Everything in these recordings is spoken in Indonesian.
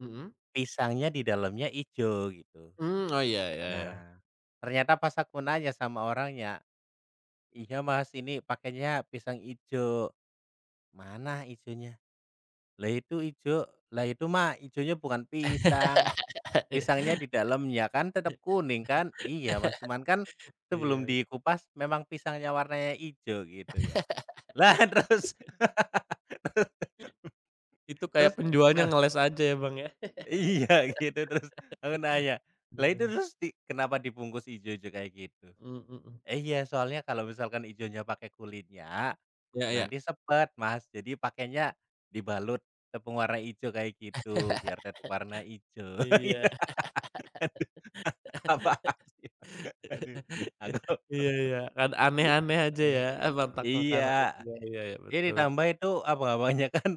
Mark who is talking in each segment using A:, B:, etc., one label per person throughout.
A: Mhm.
B: Pisangnya di dalamnya hijau gitu,
A: Mmm, oh iya iya iya.
B: nah ternyata pas aku nanya sama orangnya, "Iya Mas, ini pakainya pisang hijau, 'mana hijaunya?' Lah itu hijau, 'lah itu mah hijaunya bukan pisang, pisangnya di dalam ya kan tetap kuning kan,' iya Mas, cuman kan sebelum
A: Iya.
B: dikupas memang pisangnya warnanya hijau" gitu ya, lah terus,
A: Mhm. Itu
B: terus,
A: kayak penjualnya
B: heeh.
A: ngeles aja ya Bang, ya,
B: Iya gitu terus aku nanya, "Lah itu
A: aduh.
B: terus di kenapa dibungkus hijau-hijau kayak gitu,
A: Mmm, mhm.
B: 'iya soalnya kalau misalkan hijaunya pakai kulitnya,
A: Iya iya.
B: nanti sepet Mas, jadi pakainya, dibalut tepung warna hijau kayak gitu biar tetap warna hijau'"
A: Iya,
B: iya apaan sih aduh aku,
A: iya iya kan aneh aneh aja
B: heeh,
A: ya, eh, mentak
B: iya,
A: makanan itu iya iya iya
B: dia
A: betul.
B: ditambah itu apa apanya kan,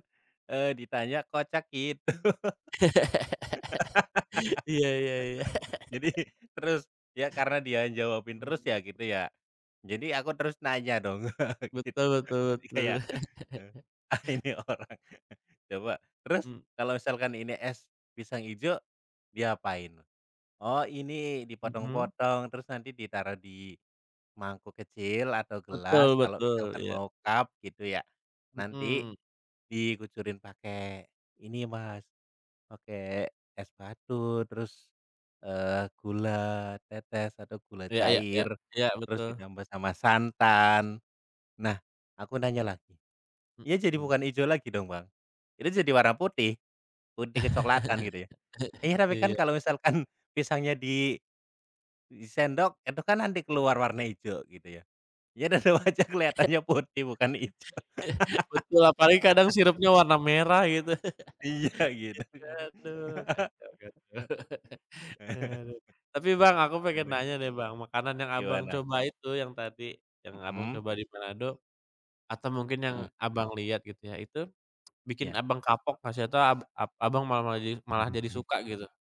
B: eee, ditanya kocak gitu
A: Iya iya iya.
B: jadi terus ya karena dia jawabin terus
A: Mhm.
B: ya gitu ya, jadi aku terus nanya dong gitu
A: Betul betul
B: jadi
A: betul.
B: kayak, heeh, ini orang coba, "Terus
A: Mmm.
B: kalau misalkan ini es pisang hijau, diapain?" "Oh ini
A: Mhm.
B: dipotong-potong terus nanti ditaruh di, mangkuk kecil atau
A: Betul
B: gelas kalau
A: betul
B: misalkan
A: iya.
B: mau cup gitu ya nanti,
A: Mhm.
B: dikucurin pakai ini Mas, pakai es batu terus, eee, gula tetes atau gula
A: Iya iya iya
B: cair,
A: iya
B: terus
A: betul.
B: ditambah sama santan." Nah aku nanya lagi, "Ya jadi
A: Mhm.
B: bukan hijau lagi dong Bang? Itu jadi warna putih, putih kecoklatan gitu ya? 'iya tapi kan
A: Iya.
B: kalau misalkan pisangnya di, di sendok itu kan nanti keluar warna hijau gitu ya,' ya tetap aja kelihatannya putih bukan hijau."
A: Betul apalagi kadang sirupnya warna merah gitu,
B: Iya gitu kan.
A: [unintelligible] aduh kacau kacau kacau aduh tapi Bang, aku pengen
B: Aduh.
A: nanya deh Bang, makanan yang Abang,
B: Gimana?
A: coba itu yang tadi yang Abang,
B: Mhm.
A: coba di Manado, atau mungkin yang
B: Mhm.
A: Abang, lihat gitu ya itu bikin
B: Iya.
A: Abang, kapok atau gak sih atau ab ab Abang, malah malah jadi malah jadi suka gitu?